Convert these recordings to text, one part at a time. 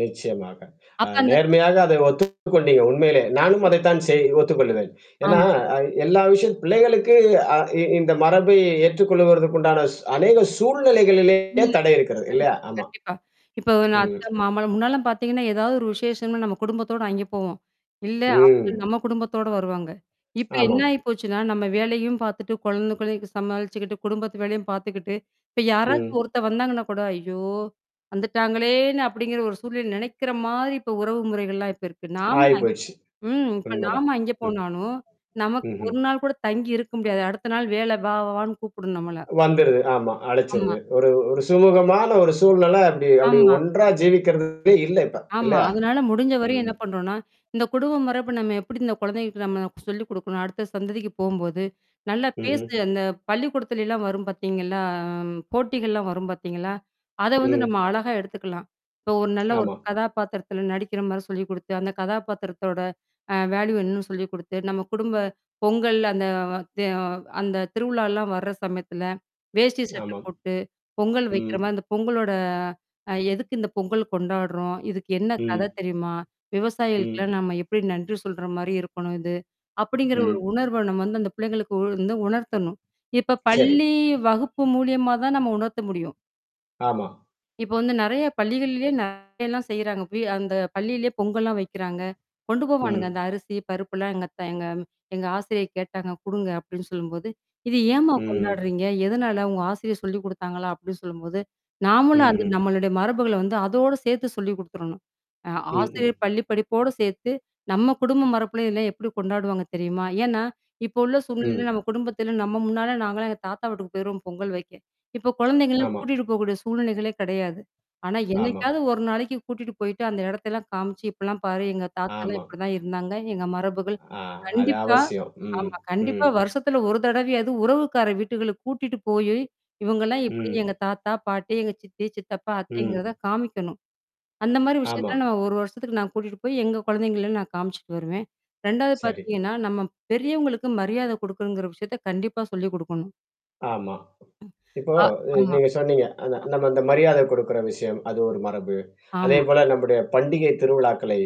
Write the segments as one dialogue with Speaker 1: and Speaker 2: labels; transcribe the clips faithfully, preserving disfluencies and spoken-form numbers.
Speaker 1: நிச்சயமாக. அ
Speaker 2: அப்ப அந்த க
Speaker 1: நேர்மையாக அத ஒத்துக்கொண்டீங்க. உண்மையிலே. நானும் அதைத்தான் செய் ஒத்துக்கொள்ளுவேன். ஏன்னா,
Speaker 2: ஆமா.
Speaker 1: அ எல்லா விஷயத் பிள்ளைகளுக்கு அ இ இந்த மரபை ஏற்றுக்கொள்வதற்கு உண்டான சு அநேக சூழ்நிலைகளிலேயே
Speaker 2: இல்ல.
Speaker 1: தடை இருக்கிறது. இல்லையா!
Speaker 2: கண்டிப்பா,
Speaker 1: ஆமா.
Speaker 2: கண்டிப்பா. இப்ப ஒரு நான்
Speaker 1: ம்
Speaker 2: அத்த மாமலாம் முன்னாலாம் பார்த்தீங்கன்னா, ஏதாவது ஒரு விசேஷம்ன்னா நம்ம குடும்பத்தோட அங்கே போவோம். இல்ல அவுங்க
Speaker 1: ம்.
Speaker 2: நம்ம குடும்பத்தோட வருவாங்க. இப்ப என்ன
Speaker 1: ஆமாம்.
Speaker 2: ஆயிப்போச்சுன்னா, நம்ம வேலையும் பார்த்துட்டு குழந்தைக்கொலயும் சமாளிச்சுக்கிட்டு, குடும்பத்து வேலையும் பார்த்துக்கிட்டு, இப்ப யாராச்சும்
Speaker 1: ம்.
Speaker 2: ஒருத்த வந்தாங்கன்னா கூட ஐயோ! வந்துட்டாங்களேன்னு அப்பிடிங்கிற ஒரு சூழ்நிலை நெனைக்கிறமாரி இப்ப உறவு முறைகள்லாம் இப்ப இருக்கு. நாம
Speaker 1: ஆயிப்போச்சு.
Speaker 2: ம். இப்ப
Speaker 1: உண்மதான்.
Speaker 2: நாம அங்கே
Speaker 1: ம்.
Speaker 2: போனாலும். நமக்கு
Speaker 1: ம்ஹ்ம்.
Speaker 2: ஒரு நாள் கூட தங்கி இருக்க முடியாது. அடுத்த நாள் வேல வா, வான்னு கூப்புடும் நம்மள.
Speaker 1: வந்துருது. ஆமா
Speaker 2: ஆமா.
Speaker 1: அழிச்சிருது. ஒரு ஒரு சுமூகமான ஒரு சூழ்நில அப்பிடி, அப்பிடி
Speaker 2: ஆமா.
Speaker 1: ஒன்றா ஜீவிக்கிறதே இல்ல இப்ப
Speaker 2: ஆமா.
Speaker 1: இல்லயா!
Speaker 2: அதனால முடிஞ்ச வரையும்
Speaker 1: ம்.
Speaker 2: என்ன பண்ணறோன்னா, இந்த குடும்பம் மரபு நம்ம எப்பிடி இந்த குழந்தைகளுக்கு நம்ம சொல்லிக் குடுக்கணும் அடுத்த சந்ததிக்கு போம்போது, நல்லா
Speaker 1: ம்ஹ்ம்.
Speaker 2: பேசு, அந்த பள்ளிக்கூடத்துலயிலாம் வரும் பார்த்தீங்களா? போட்டிகள்லாம் வரும் பார்த்தீங்களா? அத வந்து நம்ம
Speaker 1: ம்.
Speaker 2: அழகா எடுத்துக்கலாம். இப்போ ஒரு நல்ல ஒரு
Speaker 1: ஆமா.
Speaker 2: கதாபாத்திரத்தில நடிக்கிறமாரி சொல்லிக் குடுத்து, அந்த கதாபாத்திரத்தோட அ வேல்யூ என்னன்னு சொல்லிக் குடுத்து, நம்ம குடும்ப பொங்கல் அந்த த அந்த திருவிழாலாம் வர சமயத்தில வேஷ்டி, சட்ட
Speaker 1: ஆமாம்.
Speaker 2: போட்டு, பொங்கல்
Speaker 1: ம்.
Speaker 2: வைக்கிறமா, அந்த பொங்கலோட அ எதுக்கு இந்த பொங்கல் கொண்டாடுறோம்? இதுக்கு என்ன கத
Speaker 1: ம்.
Speaker 2: தெரியுமா?
Speaker 1: ம்.
Speaker 2: விவசாயிகளுக்கெல்லாம் நம்ம எப்பிடி நன்றி சொல்றமாரி இருக்கணும் இது. அப்பிடிங்கிற ஒரு
Speaker 1: ம்.
Speaker 2: உணர்வ நம்ம வந்து அந்த பிள்ளைங்களுக்கு வந்து உணர்த்தணும். இப்ப
Speaker 1: சரி.
Speaker 2: பள்ளி வகுப்பு மூலியமா தான் நம்ம உணர்த்த முடியும்.
Speaker 1: ஆமா.
Speaker 2: இப்ப வந்து நிறைய பள்ளிகள்லேயே நிறையல்லாம் செய்றாங்க. அங்க போய் அந்த பள்ளியிலேயே பொங்கலாம் வைக்கிறாங்க. கொண்டு போவானுங்க அந்த
Speaker 1: ம்.
Speaker 2: அரிசி, பருப்புலாம் எங்க அத்த எங்கம் எங்க ஆசிரியை கேட்டாங்க குடுங்க அப்பிடின்னு சொல்லும்போது, இது ஏன்ம்மா
Speaker 1: ம், ம்.
Speaker 2: கொண்டாடுறீங்க? எதனால உங்க ஆசிரியர் சொல்லிக் குடுத்தாங்களா? அப்பிடி சொல்லும்போது நாமளும் அந்த
Speaker 1: ம்ஹம்.
Speaker 2: நம்மளுடைய மரபுகள வந்து அதோட சேர்த்து சொல்லிக் குடுத்துரணும். அ
Speaker 1: ம்,
Speaker 2: ஆசிரியர்
Speaker 1: ம்.
Speaker 2: பள்ளி படிப்போட சேர்த்து, நம்ம குடும்ப மரபுல இதெல்லாம் எப்பிடி கொண்டாடுவாங்க தெரியுமா? ஏன்னா, இப்போ உள்ள சூழ்நிலையில
Speaker 1: ம்.
Speaker 2: நம்ம குடும்பத்தில நம்ம முன்னால நாங்களாம் எங்க தாத்தா வீட்டுக்கு போயிருவோம் பொங்கல் வைக்க. இப்ப குழந்தைங்கலாம்
Speaker 1: ஆமா.
Speaker 2: கூட்டிட்டு போக்கூடிய சூழ்நிலைகளே கிடையாது. ஆனா,
Speaker 1: ஆமா.
Speaker 2: என்னைக்காவது ஒரு நாளைக்கு கூட்டிட்டு போயிட்டு அந்த இடத்தல்லாம் காமிச்சு இப்பிட்லாம் பாரு. எங்க தாத்தாலாம்
Speaker 1: ஆமா.
Speaker 2: இப்பிடிதான் இருந்தாங்க. எங்க மரபுகள்.
Speaker 1: ஆ அது
Speaker 2: கண்டிப்பா.
Speaker 1: அவசியம். ம்.
Speaker 2: ஆமா.
Speaker 1: ம்.
Speaker 2: கண்டிப்பா வருஷத்துல ஒரு தடவையாவது உறவுக்கார வீட்டுகளுக்கு கூட்டிட்டு போயி இவுங்கலாம் எப்பிடி
Speaker 1: ம்.
Speaker 2: எங்க தாத்தா, பாட்டி, எங்க சித்தி, சித்தப்பா, அத்தைங்கிறத
Speaker 1: ம்.
Speaker 2: காமிக்கணும். அந்தமாரி
Speaker 1: ஆமா.
Speaker 2: விஷயத்தலாம் நான் ஒரு வருஷத்துக்கு நான் கூட்டிட்டு போய் எங்க குழந்தைங்கள்லாம் நான் காமிச்சுட்டு வருவேன். ரெண்டாவது
Speaker 1: சரி.
Speaker 2: பார்த்தீங்கன்னா, நம்ம பெரியவங்களுக்கு மரியாதை குடுக்கணுங்கிற விஷயத்த கண்டிப்பா சொல்லிக் குடுக்கணும்.
Speaker 1: ஆமா. இப்போ
Speaker 2: அ,
Speaker 1: அ
Speaker 2: ஆமா.
Speaker 1: நீங்க சொன்னீங்க. அந்த
Speaker 2: அ.
Speaker 1: நம்ம அந்த மரியாதை கொடுக்குற விஷயம். அது ஒரு மரபு.
Speaker 2: ஆமா.
Speaker 1: அதேபோல நம்முடைய பண்டிகை திருவிழாக்களை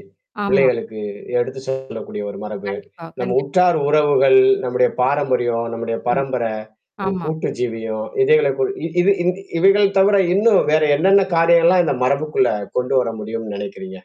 Speaker 2: ஆமா.
Speaker 1: பிள்ளைகளுக்கு எடுத்து சொல்லக்கூடிய ஒரு மரபு.
Speaker 2: கண்டிப்பா,
Speaker 1: நம்ம
Speaker 2: கண்டிப்பா
Speaker 1: உற்றார் உறவுகள், நம்முடைய பாரம்பரியம், நம்முடைய
Speaker 2: ஆமா,
Speaker 1: பரம்பரை உ
Speaker 2: ஆமா.
Speaker 1: கூட்டு ஜீவியும் இதைகளை கு இ இது இந் இவைகள் தவிர இன்னும் வேற என்னென்ன காரியங்கள்லாம் இந்த மரபுக்குள்ள கொண்டு வர முடியும்ன்னு நெனைக்கிறீங்க?